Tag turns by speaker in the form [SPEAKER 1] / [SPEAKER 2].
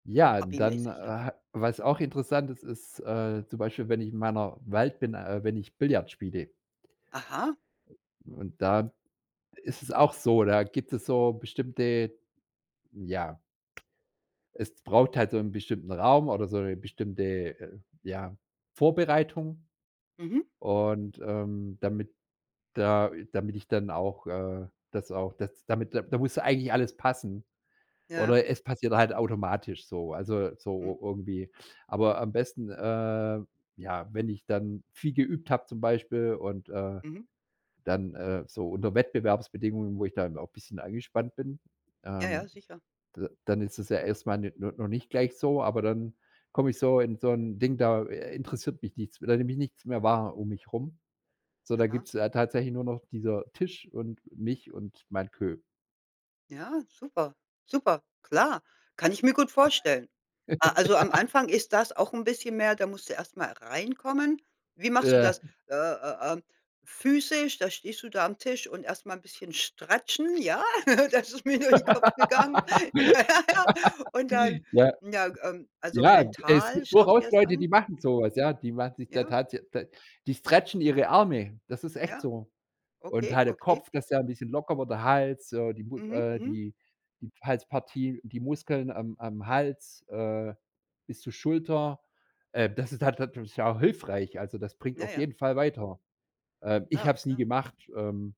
[SPEAKER 1] Ja, dann,
[SPEAKER 2] Hobbymäßig, ja?
[SPEAKER 1] ha was auch interessant ist, ist, äh, zum Beispiel, wenn ich in meiner Welt bin äh, wenn ich Billard spiele.
[SPEAKER 2] Aha.
[SPEAKER 1] Und da ist es auch so, da gibt es so bestimmte, hm, ja Es braucht halt so 'n bestimmten Raum oder so 'ne bestimmte äh, ja, Vorbereitung.
[SPEAKER 2] Mhm.
[SPEAKER 1] Und, ähm, damit da damit ich dann auch äh, das auch das damit da muss eigentlich alles passen.
[SPEAKER 2] Ja.
[SPEAKER 1] Oder es passiert halt automatisch so also
[SPEAKER 2] Hm.
[SPEAKER 1] so irgendwie. Aber am besten, äh ja, wenn ich dann viel geübt habe zum Beispiel und, äh
[SPEAKER 2] Mhm.
[SPEAKER 1] dann, äh, so unter Wettbewerbsbedingungen, wo ich dann auch 'n bisschen angespannt bin,
[SPEAKER 2] Ja, ja
[SPEAKER 1] ähm,
[SPEAKER 2] sicher.
[SPEAKER 1] d dann ist es ja erst mal ne no noch nicht gleich so, aber dann komme ich so in so 'n Ding, da äh, interessiert mich nichts da nehme ich nichts mehr wahr um mich rum. So, da gibt
[SPEAKER 2] Aha.
[SPEAKER 1] es tatsächlich nur noch dieser Tisch und mich und mein Kö.
[SPEAKER 2] Ja, super, super, klar. Kann ich mir gut vorstellen. Ah also am Anfang ist das auch 'n bisschen mehr da musst du erst mal reinkommen. Wie machst du
[SPEAKER 1] Ja.
[SPEAKER 2] das? Äh äh, ähm, physisch, da stehst du da am Tisch und erst mal 'n bisschen stratchen, ja? Das ist mir durch den Kopf gegangen. Naja, ja. Und dann,
[SPEAKER 1] Ja.
[SPEAKER 2] n ja, ähm also
[SPEAKER 1] Ja, es
[SPEAKER 2] mental,
[SPEAKER 1] gibt
[SPEAKER 2] schaust dir
[SPEAKER 1] durchaus
[SPEAKER 2] das
[SPEAKER 1] Leute, die
[SPEAKER 2] an.
[SPEAKER 1] machen so was, ja? Die machen sich da
[SPEAKER 2] Ja.
[SPEAKER 1] tatsä d die stretchen ihre Arme. Das ist echt
[SPEAKER 2] Ja.
[SPEAKER 1] so. Und
[SPEAKER 2] Okay,
[SPEAKER 1] halt der
[SPEAKER 2] okay.
[SPEAKER 1] Kopf, das der 'n bisschen locker wird, der Hals, so, die Mus
[SPEAKER 2] Mhm,
[SPEAKER 1] äh,
[SPEAKER 2] mhm.
[SPEAKER 1] die die Halspartie, die Muskeln am am Hals, äh, bis zur Schulter, äh, das ist halt natürlich sau hilfreich, also das bringt
[SPEAKER 2] Na
[SPEAKER 1] auf
[SPEAKER 2] ja.
[SPEAKER 1] jeden Fall weiter. Ähm, ich
[SPEAKER 2] Klar,
[SPEAKER 1] habe es nie
[SPEAKER 2] klar.
[SPEAKER 1] gemacht, ähm